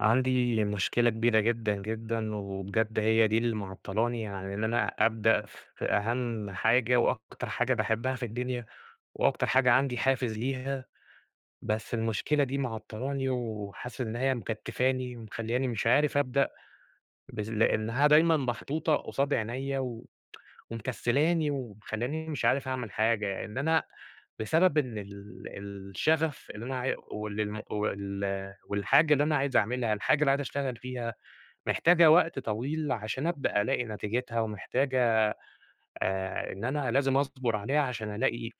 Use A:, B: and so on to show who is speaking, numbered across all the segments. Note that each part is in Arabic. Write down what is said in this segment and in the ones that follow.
A: عندي مشكلة كبيرة جدًا، جدًا، وبجد هي دي اللي معطلاني عن اللي أنا أبدأ في أهم حاجة وأكتر حاجة باحبها في الدنيا، وأكتر حاجة عندي حافز ليها، بس المشكلة دي معطلاني، وحاسس إن هي مكتفاني، ومخلياني مش عارف أبدأ، بس لأنها دايمًا محطوطة قصاد عينيّا، و ومكسلاني، ومخلياني مش عارف أعمل حاجة، إن أنا بسبب إن ال الشغف اللي أنا عي واللي الم وال والحاجة اللي أنا عايز أعملها، الحاجة اللي عايز أشتغل فيها، محتاجة وقت طويل، عشان أبدأ ألاقي نتيجتها، ومحتاجة آآ إن أنا لازم أصبر عليها، عشان ألاقي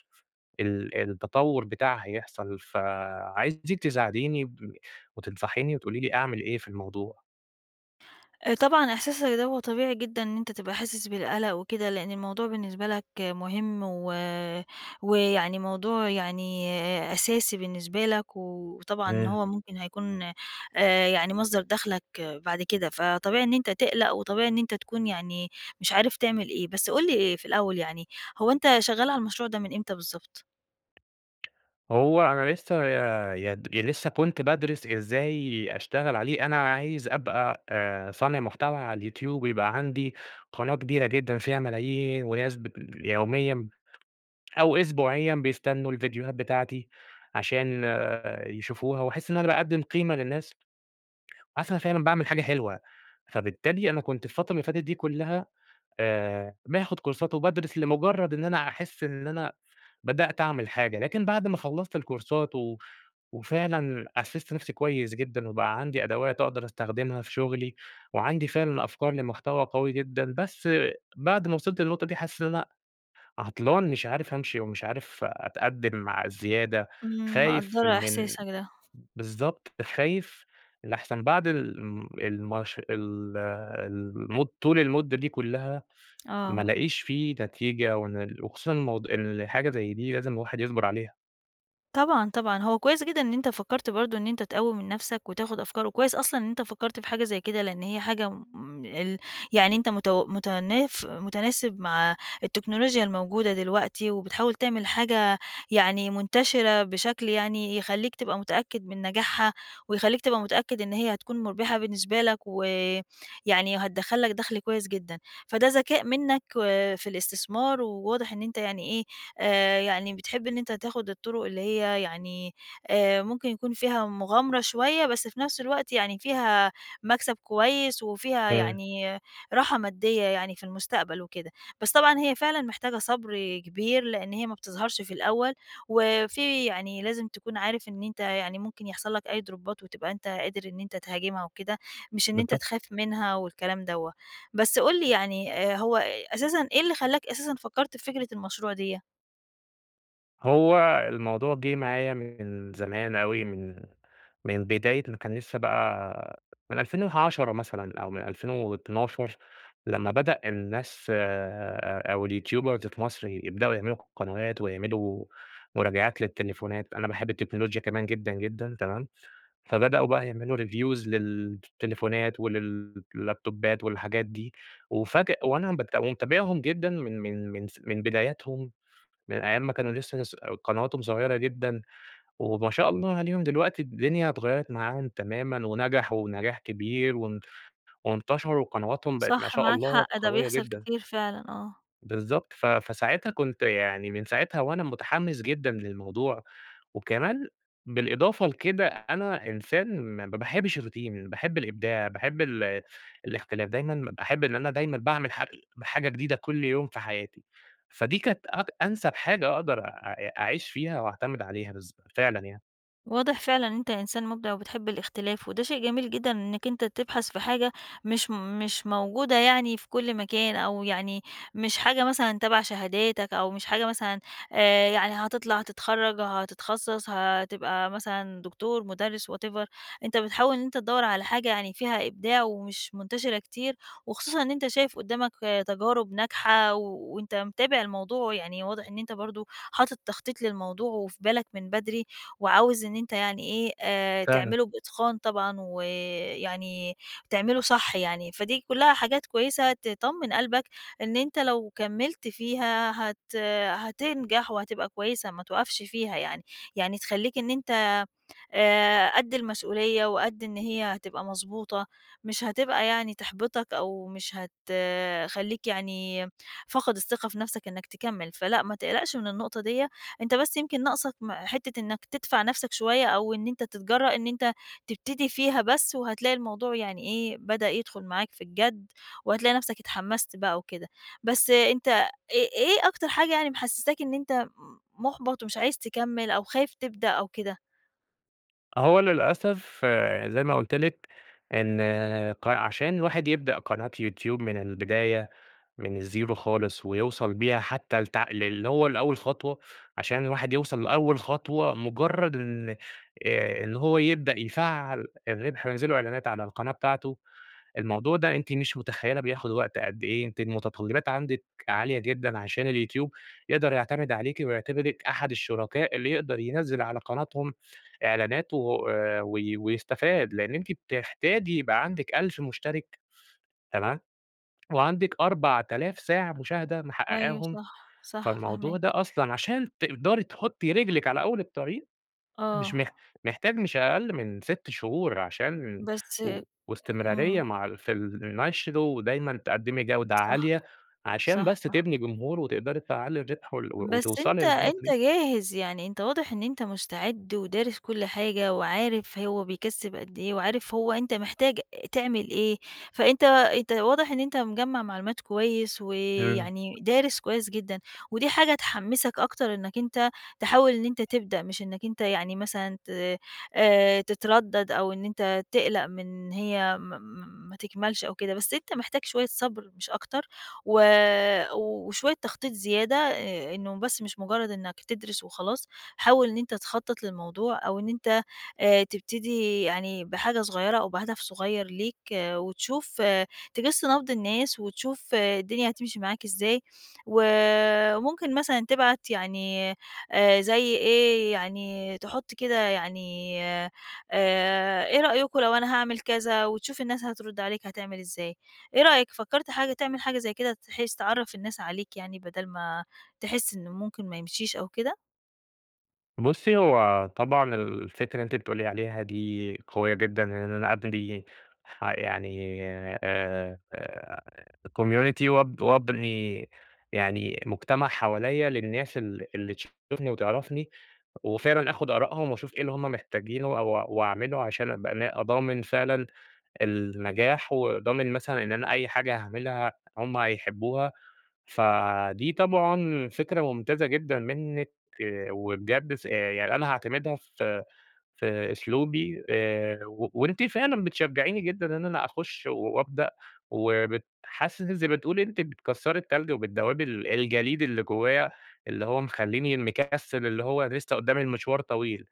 A: ال التطور بتاعها يحصل. فعايزِك تساعديني وتنصحيني وتقولي لي أعمل إيه في الموضوع.
B: طبعًا إحساسك ده هو طبيعي جدًا، إن أنتَ تبقى حاسس بالقلق وكده، لأن الموضوع بالنسبة لك مهم، و ويعني موضوع يعني أساسي بالنسبة لَك، وطبعًا
A: امم.
B: هو ممكن هيكون، آآ يعني مصدر دخلك بعد كده، فطبيعي إن أنتَ تقلق، وطبيعي إن أنتَ تكون يعني مش عارف تعمل إيه. بس قُل لي، آآ في الأول يعني، هو أنتَ شغال على المشروع ده من إمتى بالضبط؟
A: هو أنا لسه ي [unintelligible] لسه كنت بادرِس إزاي أشتغل عليه، أنا عايز أبقى آآ صانع محتوى على اليوتيوب ويبقى عندي قناة كبيرة جدًا فيها ملايين وناس ب يوميًا أو أسبوعيًا بيستنوا الڤيديوهات بتاعتي، عشان يشوفوها، وأحِس إن أنا باقدّم قيمة للناس. حاسس إن أنا فعلًا باعمل حاجة حلوة، فبالتالي أنا كنت الفترة اللي فاتت دي كُلّها آآ باخُد كورسات وبادرِس لمجرد إن أنا أحِس إن أنا بدأت أعمل حاجة، لكن بعد ما خلصت الكورسات و وفعلًا أسِست نفسي كويس جدًا، وبقى عندي أدوات أقدر أستخدمها في شغلي، وعندي فعلًا أفكار لمحتوى قوي جدًا، بس بعد ما وصلت للنقطة دي حسّيت إن أنا عطلان مش عارف أمشي، ومش عارف أتقدّم مع الزيادة،
B: إمم
A: خايف
B: مقدّرة
A: من
B: إحساسك ده.
A: بالضبط خايف لأحسن بعد الم الماش ال المُد طول المُدّة دي كُلّها ما
B: آه.
A: ألاقيش في نتيجة وأنا ال وخصوصًا الموضوع، الحاجة زي دي لازم الواحد يصبر عليها.
B: طبعًا، طبعًا، هو كويّس جدًا إن أنت فكرت برضو إن أنت تقوي من نفْسَك وتاخد أفكار، وكويّس أصلًا إن أنت فكرت في حاجة زي كده، لأن هي حاجة م ال يعني أنت متو متناف متناسب مع التكنولوجيا الموجودة دلوقتي وبتحاول تعمل حاجة يعني منتشرة بشكل يعني يخليك تبقى متأكّد من نجاحها، ويخليك تبقى متأكّد إن هي هتكون مُربحة بالنسبة لك، و يعني هتدخل لك دخل كويّس جدًا. فده ذكاء منّك و في الاستثمار وواضح إن أنت يعني إيه، آآ، يعني بتحب إن أنت تاخد الطرق اللي هي يعني، آآ، ممكن يكون فيها مغامرة شويّة، بس في نفْس الوقت يعني فيها مكسب كويّس وفيها
A: آآ
B: يعني راحة مادية يعني في المستقبل وكده، بس طبعًا هي فعلًا محتاجة صبر كبير، لأن هي ما بتظهرش في الأوّل، وفي يعني لازم تكون عارف إن أنت يعني ممكن يحصل لك أي دروبات وتبقى أنت قادر إن أنت تهاجمها وكده. مش إن أنت
A: بالضبط.
B: تخاف منها والكلام دوّة. بس قُل لي يعني، آآ، هو أساسًا إيه اللي خلاك أساسًا فكرت في فكرة المشروع دِيّة؟
A: هو الموضوع جِه معايا من زمان أوي، من من بداية ما كان لسّه بقى من 2010 مثلًا أو من 2012 لمّا بدأ الناس آآ، أو الYouTubers في مصر يبدؤوا يعملوا ق قنوات، ويعملوا مراجعات للتليفونات، أنا باحب التكنولوجيا كمان جدًا جدًا، تمام، فبدؤوا بقى يعملوا Reviews للتليفونات ولل اللابتوبات والحاجات دي، وأُفاجأ وأنا بت ومتابعهم جدًا من من من س من بدايتهم، من أيّام ما كانوا لسّه لس قنواتهم صغيّرة جدًا، وما شاء الله عليهم دلوقتي الدنيا اتغيَّرت معاهم تمامًا ونجحوا نجاح كبير وان وانتشروا وقنواتهم بقت- ما
B: صح
A: شاء
B: معاك
A: الله-
B: حق، ده
A: قويّة
B: بيحصل
A: جدًا.
B: كتير فعلًا، آه.
A: بالضبط، ف فساعتها كنت يعني من ساعتها وأنا متحمّس جدًا للموضوع، وكمان بالإضافة لكده أنا إنسان ما ما باحبش الRoutine ال باحب الإبداع، باحب ال الاختلاف، دايمًا ب باحب إن أنا دايمًا باعمل حاج ال حاجة جديدة كل يوم في حياتي. فدي كانت أك أنسب حاجة أقدر أ أعيش فيها وأعتمد عليها بالضب فعلًا يعني.
B: واضح فعلًا إن أنت إنسان مبدع، وبتحب الاختلاف، وده شيء جميل جدًا، إنك أنت تبحث في حاجة مش مش موجودة يعني في كل مكان، أو يعني مش حاجة مثلًا تبع شهاداتك، أو مش حاجة مثلًا آآ يعني هتطلع، هتتخرج، هتتخصص، هتبقى مثلًا دكتور، مدرس، whatever، أنت بتحاول إن أنت تدور على حاجة يعني فيها إبداع، ومش منتشرة كتير، وخصوصًا إن أنت شايف قدامك تجارب ناجحة، وأنت متابع الموضوع يعني واضح إن أنت برضو حاطط تخطيط للموضوع وفي بالك من بدري، وعاوز إن أنت يعني إيه آآ
A: فعلًا.
B: تعمله بإتقان طبعًا، ويعني تعمله صح يعني. فدي كلها حاجات كويسة تطمن قلبك، إن أنت لو كمّلت فيها، هت هتنجح وهتبقى كويسة، ما توقَفش فيها يعني، يعني تخليك إن أنت، آآ قد المسؤولية، وقد إن هي هتبقى مضبوطة، مش هتبقى يعني تحبطك، أو مش هتخليك يعني فاقد الثقة في نفسك إنك تكمل، فلأ ما تقلقش من النقطة ديّة. أنت بس يمكن ناقصك م حتة إنك تدفع نفسك شوية، أو إن أنت تتجرأ إن أنت تبتدي فيها بس، وهتلاقي الموضوع يعني إيه بدأ يدخل معاك في الجَد، وهتلاقي نَفسك اتحمست بقى وكده. بس أنت إيه إيه أكتر حاجة يعني محسساك إن أنت م مُحبَط ومش عايز تكمّل، أو خايف تبدأ، أو كده؟
A: أهو للأسف يعني زي ما قُلت لِك إن ق عشان الواحد يبدأ قناة يوتيوب من البداية من الزيرو خالص ويوصل بيها حتّى لتع للي هو لأول خطوة، عشان الواحد يوصل لأول خطوة مُجرّد إن آآ إن هو يبدأ يفعّل الرِبح وينزل له إعلانات على القناة بتاعته، الموضوع ده أنتِ مش مُتخيّلة بياخُد وقت قد إيه، أنتِ المُتطلِّّبات عندِك عالية جدًا عشان اليوتيوب يقدر يعتمد عليكِ ويعتبرِك أحد الشركاء اللي يقدر ينزِّل على قناتهم إعلانات و آآ وي ويستفاد، لإن أنتِ بتحتاجي يبقى عندِك 1000 مُشترِك تمام؟ وعندِك 4000 ساعة مشاهدة
B: أيوه
A: محقّقاهم.
B: صح، صح
A: فالموضوع ده
B: فاهماك.
A: أصلًا عشان تقدري تحُطّي رجلِك على أول الطريق، مش
B: آه.
A: مح محتاج مش أقل من 6 شهور عشان
B: بس
A: و واستمرارية
B: إمم.
A: مع في النشر ودايمًا تقدّمي جودة
B: صح.
A: عالية، عشان
B: صح،
A: بس
B: صح.
A: تبني جمهور وتقدري تفعّلي الرِبح وال
B: بس أنت
A: وتوصلي للنقطة
B: أنت
A: دي.
B: جاهز، يعني أنت واضح إن أنت مستعد ودارس كل حاجة وعارف هو بيكسّب قد إيه وعارف هو أنت محتاج تعمل إيه، فأنت أنت واضح إن أنت مِجمَّع معلومات كويس
A: إمم.
B: ويعني دارس كويس جدًا، ودي حاجة تحمِّسك أكتر إنّك أنت تحاول إن أنت تبدأ، مش إنّك أنت يعني مثلًا ت آآ تتردّد، أو إن أنت تقْلَق من هي م م ما تكمّلش أو كده. بس أنت محتاج شوية صبر مش أكتر و وشوية تخطيط زيادة آآ إنّه بس مش مُجرّد إنّك تدرس وخلاص. حاول إن أنت تخطّط للموضوع، أو إن أنت آآ تبتدي يعني بحاجة صغيّرة أو بهدف صغيّر ليك وتشوف تِجِس نَبْض الناس وتشوف الدنيا هتمشي معاك إزاي، وممكن مثلًا تبعت يعني آآ زي إيه، يعني تحُط كده يعني آآ إيه رأيكم لو أنا هاعمل كذا؟ وتشوف الناس هترُد عليك هتعمل إزاي. إيه رأيك، فكرت حاجة تعمل حاجة زي كده تحِس تعرّف الناس عليك يعني بَدَل ما تحِس إن ممكن ما يمشيش أو كده؟
A: بُصّي، هو طبعًا الفكرة اللي أنتِ بتقولي عليها دي قوية جدًا إن أنا أبنى ح يعني آآ community وأب وأبني يعني مجتمع حواليّا للناس ال اللي تشوفني وتعرفني وفعلًا آخُد آرائهم وأشوف إيه اللي هم محتاجينه و وأعمله عشان أبقى نا ضامن فعلًا النجاح وضامن مثلًا إن أنا أي حاجة هاعملها هم هيحبّوها، فدي طبعًا فكرة ممتازة جدًا منِّك وبجد س يعني أنا هاعتمدها في في أسلوبي آآ و وأنتِ فعلًا بتشجّعيني جدًا إن أنا أخُش وأبدأ وبت حاسِس إن زي ما بتقولي أنتِ بتكسّري التلج وبتدوِّبي ال الجليد اللي جوّايا اللي هو مخلّيني مكسِّل اللي هو لسّه قُدّامي المشوار طويل.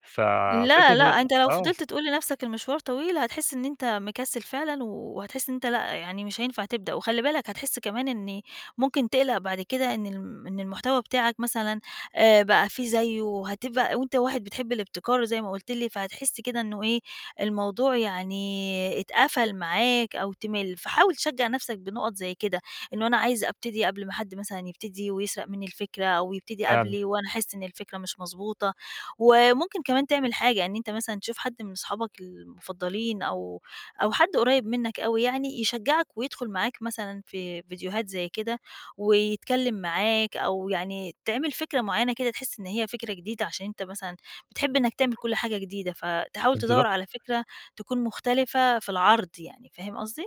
A: ف فكرة
B: لا،
A: إن
B: لأ
A: أنا
B: أنت لو
A: آه.
B: فضلت تقول لنَفْسك المشوار طويل، هتحِس إن أنت مكسِّل فعلًا وهتحِس إن أنت لأ، يعني مش هينفع تبدأ وخلِّ بالك هتحِس كمان إن ممكن تقْلَق بعد كده إن الم إن المحتوى بتاعك مثلًا آآ بقى في زيّه وهتبقى وأنت واحد بتحب الابتكار وزي ما قُلت لي، فهتحِس كده إنه إيه، الموضوع يعني اتقفل معاك أو تمِل. فحاول تشجّع نَفْسك بنُقَط زي كده، إنه أنا عايز أبتدي قبل ما حد مثلًا يبتدي ويسرق منِّى الفِكرة أو يبتدي
A: فعلًا.
B: قبلي وأنا أحِس إن الفكرة مش مضبوطة وممكن كمان تعمل حاجة، إن أنت مثلًا تشوف حد من أصحابك المُفضّلين أو أو حد قريّب منّك أوى يعني يشجّعك ويدخُل معاك مثلًا في فيديوهات زي كده ويتكلّم معاك أو يعني تعمل فكرة معيّنة كده تحِس إن هي فكرة جديدة عشان أنت مثلًا بتحب إنّك تعمل كل حاجة جديدة، فتحاول تدوّر
A: [unintelligible]
B: على فكرة تكون مختلفة في العرض يعني فاهم قصدي؟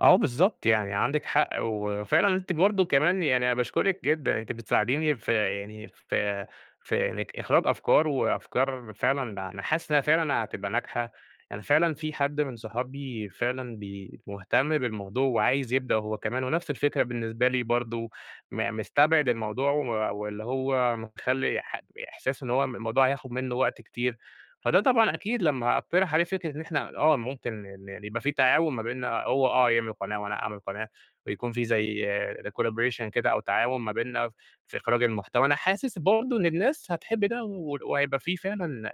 A: اه بالضبط، يعني عندِك حق، وفعلًا أنتِ برضه كمان، يعني أنا باشكرِك جدًا، أنتِ بتساعديني في يعني في في إنك إخراج أفكار وأفكار فعلًا أنا حاسس إنها فعلًا هتبقى ناجحة، يعني فعلًا في حد من صحابي فعلًا بي مهتم بالموضوع وعايز يبدأ هو كمان ونفس الفكرة بالنسبة لي برضه م مستبعد الموضوع و واللي هو مخلي ح إحساس إن هو م الموضوع هياخد منه وقت كتير، فده طبعًا أكيد، لما أقترح عليه فكرة إن إحنا آه ممكن إن إن يبقى في تعاون ما بيننا، هو آه يعمل قناة وأنا أعمل قناة ويكون في زي ل Collaboration كده، أو تعاون ما بيننا في إخراج المحتوى. أنا حاسس برضه إن الناس هتحب ده، ول وهيبقى في فعلًا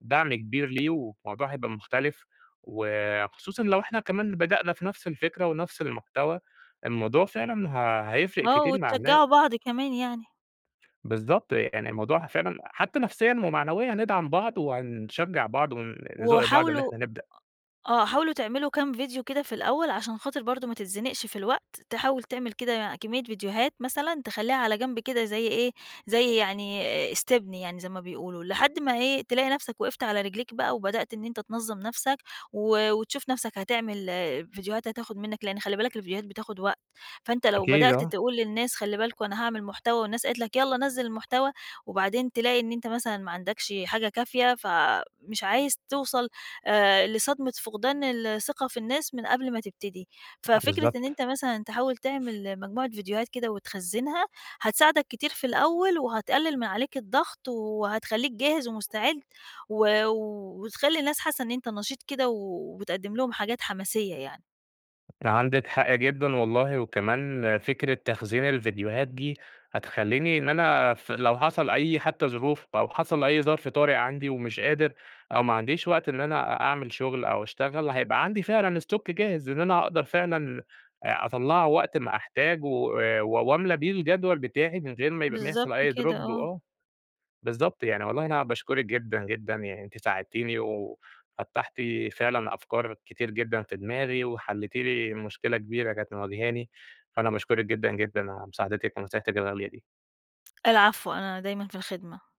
A: دعم كبير ليه وموضوع هيبقى مختلف وخصوصًا لو إحنا كمان بدأنا في نفس الفكرة ونفس المحتوى، الموضوع فعلًا ه هيفرق
B: آه،
A: كتير مع
B: وتشجعوا
A: الناس.
B: بعض كمان يعني.
A: بالضبط يعني الموضوع فعلًا، حتى نفسيًا ومعنويًا، ندعم بعض وهانشجع بعض ون نزق بعض إن
B: وحاولوا، أ
A: إحنا نبدأ.
B: آه حاولوا تعملوا كام فيديو كده في الأول، عشان خاطر برضو ما تتزنقش في الوقت، تحاول تعمل كده كمية فيديوهات مثلًا، تخليها على جنب كده، زي إيه؟ زي يعني آآ، استبن يعني، زي ما بيقولوا، لحد ما إيه؟ تلاقي نفسك وقفت على رجليك بقى وبدأت إن أنتَ تنظم نفسك و وتشوف نفسك هتعمل فيديوهات هتاخد منك لأن خلي بالك الفيديوهات بتاخد وقت، فأنتَ لو
A: أكيد،
B: بدأت
A: آه.
B: تقول للناس خلي بالكم أنا هاعمل محتوى والناس قالت لَك يلَّا نزل المحتوى، وبعدين تلاقي إن أنتَ مثلًا ما عندكش حاجة كافية، فمش عايز توصل آآ لصدمة فقدان الثقة في الناس من قبل ما تبتدي. ففكرة إن
A: بالضبط.
B: أنتَ مثلًا تحاول تعمل مجموعة فيديوهات كده وتخزنها، هتساعدك كتير في الأول وهتقلل من عليك الضغط وهتخليك جاهز ومستعد و وتخلي الناس حاسة إن أنتَ نشيط كده وبتقدم لهم حاجات حماسية يعني.
A: عندِك حق جدًا والله. وكمان فكرة تخزين الفيديوهات دي هتخليني إن أنا في لو حصل أي حتى ظروف أو حصل أي ظرف طارئ عندي ومش قادر أو ما عنديش وقت إن أنا أ أعمل شغل أو أشتغل، هيبقى عندي فعلًا stock جاهز، إن أنا أقدر فعلًا آآ، أطلعه وقت ما أحتاجه و وأملي بيه الجدول بتاعي، من غير ما يبقى ما
B: بالضبط
A: يحصل أي
B: كده،
A: Drop.
B: آه.
A: وآه، بالضبط. يعني والله أنا باشكرِك جدًا، جدًا، يعني أنتِ ساعدتيني وفتَّحتِ فعلًا أفكار كتير جدًا في دماغي، وحليتِ لي مشكلة كبيرة كانت مواجهاني، فأنا باشكرِك جدًا، جدًا على مساعدتِك ونصيحتِك الغالية دي.
B: العفو، أنا دايمًا في الخدمة.